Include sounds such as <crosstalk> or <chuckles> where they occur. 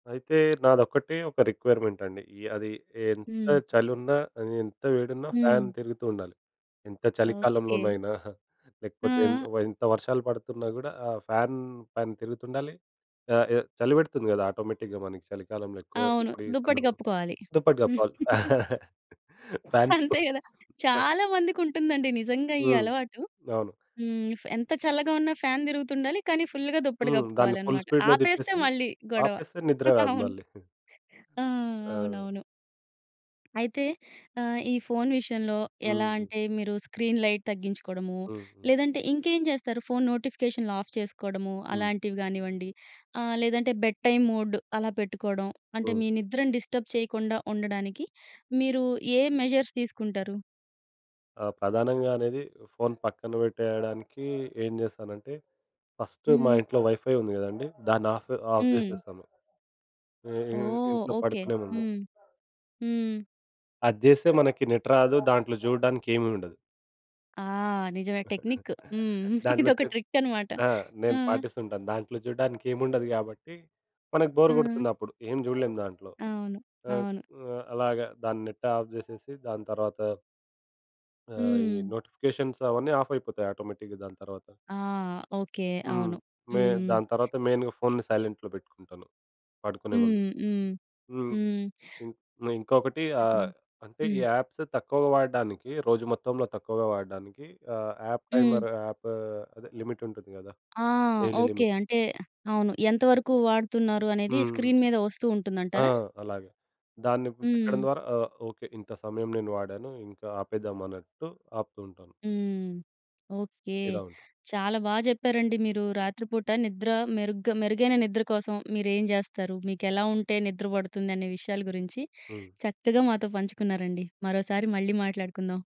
అయితే నాదొక్కటే ఒక రిక్వైర్మెంట్ అండి. య్ అది ఎంత హ్మ్. చలున్నా, అది ఎంత వేడున్నా, ఫ్యాన్ హ్మ్. తిరుగుతూ ఉండాలి. ఎంత ఓకే. చలికాలంలోనైనా, లేకపోతే ఎంత ఆ! ఎంత వర్షాలు పడుతున్నా కూడా ఆ ఫ్యాన్ ఫ్యాన్ తిరుగుతుండాలి. ఆహ్, ఎ చలి పెడుతుంది కదా ఆటోమేటిక్‌గా మనకి చలికాలంలో ఎక్కువ. అవును. ఇప్పుడు ఈ దుప్పటి సందర్భం కప్పుకోవాలి. దుప్పటి కప్పాలి. <chuckles> <chuckles> ఫ్యాన్ స్పూ అంతే కదా! ఆహ్ చాలా మందికి ఉంటుందండి నిజంగా ఈ హ్మ్. అలవాటు. అవును. హ్మ్. ఎంత చల్లగా ఉన్నా ఫ్యాన్ తిరుగుతుండాలి. కానీ ఫుల్‌గా దుప్పటి హ్మ్. దాన్ని ఫుల్ కప్పుకోవాలన్నమాట. స్పీడ్‌లో ఆపేస్తే తిప్పేసి మళ్లీ గొడవ. ఆపేస్తే నిద్ర <chuckles> రాదు అవును. మళ్లీ. ఆ! ఆ! అవునవును. అయితే ఆహ్, ఈ ఫోన్ విషయంలో ఎలా హుహు. అంటే, మీరు స్క్రీన్ లైట్ తగ్గించుకోవడము, హుహు. లేదంటే ఇంకేం చేస్తారు? ఫోన్ నోటిఫికేషన్లు ఆఫ్ చేసుకోవడము, హ్మ్. అలాంటివి కానివ్వండి, ఆహ్, లేదంటే బెడ్ టైమ్ మోడ్ అలా పెట్టుకోవడం అంటే, హ్మ్. మీ నిద్రని డిస్టర్బ్ చేయకుండా ఉండడానికి, మీరు ఏ మెజర్స్ తీసుకుంటారు? ఆ! ప్రధానంగా అనేది, ఫోన్ పక్కన పెట్టేయడానికి ఏం చేస్తానంటే, ఫస్ట్ మా హ్మ్. ఇంట్లో వైఫై ఉంది కదండీ. దాన్నాఫు ఆఫ్ హ్మ్. చేసేస్తాను. ఇ ఇన్ ఓహ్! ఇంట్లో ఓకే. పడుకునే ముందు. హ్మ్. హ్మ్. అది చేస్తే మనకి నెట్ రాదు. దాంట్లో చూడడానికి ఏమి ఉండదు. ఆ! నిజమే. టెక్నిక్. <giggles> హ్మ్. దాంట్లో ఇదొక చెప్ ట్రిక్ అన్నమాట. ఆ! ఆ! నేను పాటిస్తుంటాను. దాంట్లో చూడడానికి ఏమి ఉండదు కాబట్టి, మనకు బోర్ హ్మ్. కొడుతుంది. అప్పుడు ఏం చూడలేము దాంట్లో. అవును. ఆహ్, అవును. ఆహ్, అలాగ దాని నెట్ ఆఫ్ చేసేసి, దాని తర్వాత ఆ! ఈ హ్మ్. నోటిఫికేషన్స్ అవన్నీ ఆఫ్ అయిపోతాయి ఆటోమేటిక్‌గా దాని తర్వాత. ఆ! ఓకే. హ్మ్. అవును. మే హ్మ్. దాని తర్వాత మెయిన్‌గా ఫోన్‌ని సైలెంట్‌లో పెట్టుకుంటాను పడుకునే ముందు. హ్మ్. హ్మ్. హ్మ్. హ్మ్. ఇం ఇంకొకటి ఆహ్, చెప్పండి? అంటే, ఈ హ్మ్. యాప్స్ తక్కువగా వాడడానికి, రోజు మొత్తంలో తక్కువగా వాడడానికి, ఆహ్, యాప్ హ్మ్. టైమర్, యాప్ అదే లిమిట్ ఉంటుంది కదా! ఆ! Daily okay. లిమిట్ అంటే అవును. ఎంత వరకు వాడుతున్నారు? అనేది హ్మ్. స్క్రీన్ మీద వస్తూ ఉంటుంది ఆ! అంటారా? అలాగే. దాన్ని హ్మ్. పెట్టడం ద్వారా ఆ! ఓకే. ఇంత సమయం నేను వాడాను, ఇంకా ఆపేద్దాం అన్నట్టు ఆపుతూ ఉంటాను. హ్మ్. ఓకే. ఇలా ఉంటుంది. చాలా బా చెప్పారండి మీరు. రాత్రిపూట నిద్ర మెరుగ్గా మెరుగైన నిద్ర కోసం మీరేం చేస్తారు? మీకెలా ఉంటే నిద్ర పడుతుందనే విషయాల గురించి హ్మ్. చక్కగా మాతో పంచుకున్నారండి. మరోసారి మళ్ళీ మాట్లాడుకుందాం.